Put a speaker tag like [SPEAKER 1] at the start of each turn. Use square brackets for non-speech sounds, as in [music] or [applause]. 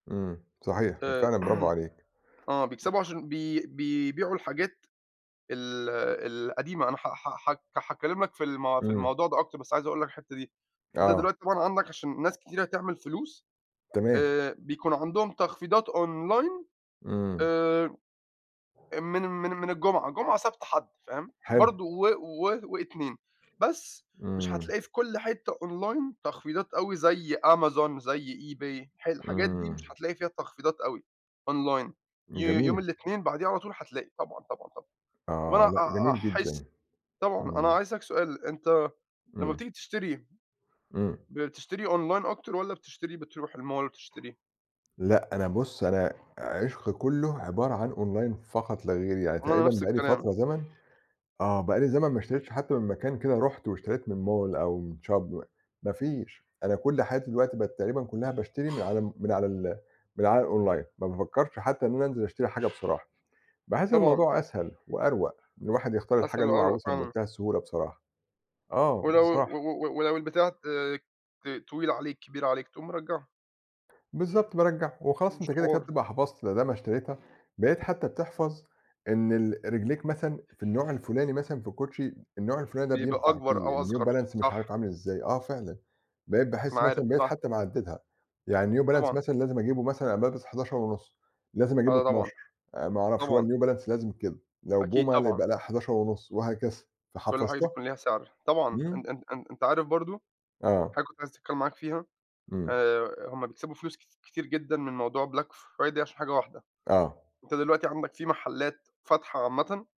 [SPEAKER 1] إمم، صحيح،
[SPEAKER 2] آآ
[SPEAKER 1] فعلًا، برافو
[SPEAKER 2] [clears throat]
[SPEAKER 1] عليك،
[SPEAKER 2] آه،
[SPEAKER 1] م
[SPEAKER 2] بيكسَبوا عشان بي بيبيعوا الحاجات ال ال القديمة. أنا ح ح ح هاتكلَّم لك في ال في
[SPEAKER 1] إمم.
[SPEAKER 2] الموضوع ده أكتَر، بس عايِز أقول لك الحتَّة دي. أنتَ
[SPEAKER 1] آه.
[SPEAKER 2] دلوقتي طبعًا عندك، عشان ناس كتيرة تعمل فلوس،
[SPEAKER 1] تمام.
[SPEAKER 2] آآ، بيكون عندهم تخفيضات online
[SPEAKER 1] إمم.
[SPEAKER 2] آآ، آآ، من من من الجمعة، جمعة، سبت، حد فاهم؟
[SPEAKER 1] حلو.
[SPEAKER 2] برضو و و واتنين. بس مش
[SPEAKER 1] إمم.
[SPEAKER 2] هتلاقي في كل حتَّة online تخفيضات أوي زي Amazon، زي eBay، ح الح الحاجات دي مش
[SPEAKER 1] إمم.
[SPEAKER 2] هتلاقي فيها تخفيضات أوي online. يو يوم
[SPEAKER 1] جميل.
[SPEAKER 2] الاتنين بعديه على طول، هتلاقِي طبعًا، طبعًا، طبعًا. طَب أنا
[SPEAKER 1] آه، لأ،
[SPEAKER 2] أ أ
[SPEAKER 1] جميل
[SPEAKER 2] احس
[SPEAKER 1] جدًا،
[SPEAKER 2] طبعًا، أنا
[SPEAKER 1] إمم.
[SPEAKER 2] عايِز أسأَلَك سؤال، أنتَ لمَّا
[SPEAKER 1] إمم.
[SPEAKER 2] بتيجي تشتري
[SPEAKER 1] إمم.
[SPEAKER 2] بتشتري online أكتر والّا بتشتري، بترُوح الmall وتشتري؟
[SPEAKER 1] لأ، أنا بُص، أنا عِشقي كله عبارة عن online فقط لا غير، يعني
[SPEAKER 2] وأنا
[SPEAKER 1] تقريبًا
[SPEAKER 2] نفس
[SPEAKER 1] بقى لي
[SPEAKER 2] الكلام.
[SPEAKER 1] فترة زمن آه، بقى لي زمن ما اشتريتِش حتى من مكان كده، رُحت واشتريت من mall أو من shop، ما فيش. أنا كل حياتي دلوقتي بقِت تقريبًا كلها، باشتري من على ال من على الonline، ما بافكرش حتى إن أنا أنزل أشتري حاجة بصراحة. باحِس إن
[SPEAKER 2] طبعًا.
[SPEAKER 1] الموضوع أسهل وأروق، إن الواحد يختار الحاجة
[SPEAKER 2] أسهل
[SPEAKER 1] اللي هو
[SPEAKER 2] وأروق
[SPEAKER 1] عاوزها
[SPEAKER 2] فعلًا.
[SPEAKER 1] بمنتهى السهولة بصراحة، آه
[SPEAKER 2] ولو و
[SPEAKER 1] بصراحة.
[SPEAKER 2] و ولو البتاعة آآ، ت طويل عليك، كبير عليك، تقوم مرجِّعه.
[SPEAKER 1] بالضبط، بارجِّعه، وخلاص
[SPEAKER 2] مش
[SPEAKER 1] أنتَ كده، كده
[SPEAKER 2] حوار.
[SPEAKER 1] بتبقى حفظت، مادام اشتريتها بقيت حتى بتحفظ إن ال رِجليك مثلًا ف في النوع الفُلاني مثلًا في الكوتشي، النوع الفُلاني ده
[SPEAKER 2] بيبقى
[SPEAKER 1] بينفَع
[SPEAKER 2] أكبر
[SPEAKER 1] فيه
[SPEAKER 2] أو
[SPEAKER 1] الNew
[SPEAKER 2] أصغر،
[SPEAKER 1] Balance، مش عارِف
[SPEAKER 2] صح.
[SPEAKER 1] عامل إزاي. آه فعلًا، بقيت
[SPEAKER 2] بتكون
[SPEAKER 1] باحس
[SPEAKER 2] عارف،
[SPEAKER 1] مثلًا بقيت
[SPEAKER 2] صح.
[SPEAKER 1] حتى محدّدها، يعني New Balance
[SPEAKER 2] طبعًا.
[SPEAKER 1] مثلًا لازِم أجيبه مثلًا، أنا بالبَس 11.5، لازِم أجيبه
[SPEAKER 2] ده طبعًا.
[SPEAKER 1] 12، آآ، ما أعرفش هو
[SPEAKER 2] طبعًا.
[SPEAKER 1] الNew Balance لازم كده. لو
[SPEAKER 2] أكيد
[SPEAKER 1] Puma،
[SPEAKER 2] طبعًا.
[SPEAKER 1] يبقى لأ، 11.5 وهكذا،
[SPEAKER 2] كل حاجة
[SPEAKER 1] فحفظتها.
[SPEAKER 2] بيكون ليها سعر. طبعًا،
[SPEAKER 1] إمم.
[SPEAKER 2] أن أن أن أنتَ عارف برضو
[SPEAKER 1] آه.
[SPEAKER 2] حاجة كنت عايز أتكلم معاك فيها،
[SPEAKER 1] إمم.
[SPEAKER 2] آآ، هُم بيكسبوا فلوس ك كتير جدًا من موضوع black Friday عشان حاجة واحدة.
[SPEAKER 1] آه.
[SPEAKER 2] أنت دلوقتي عندك فيه محلات فاتحة عامةً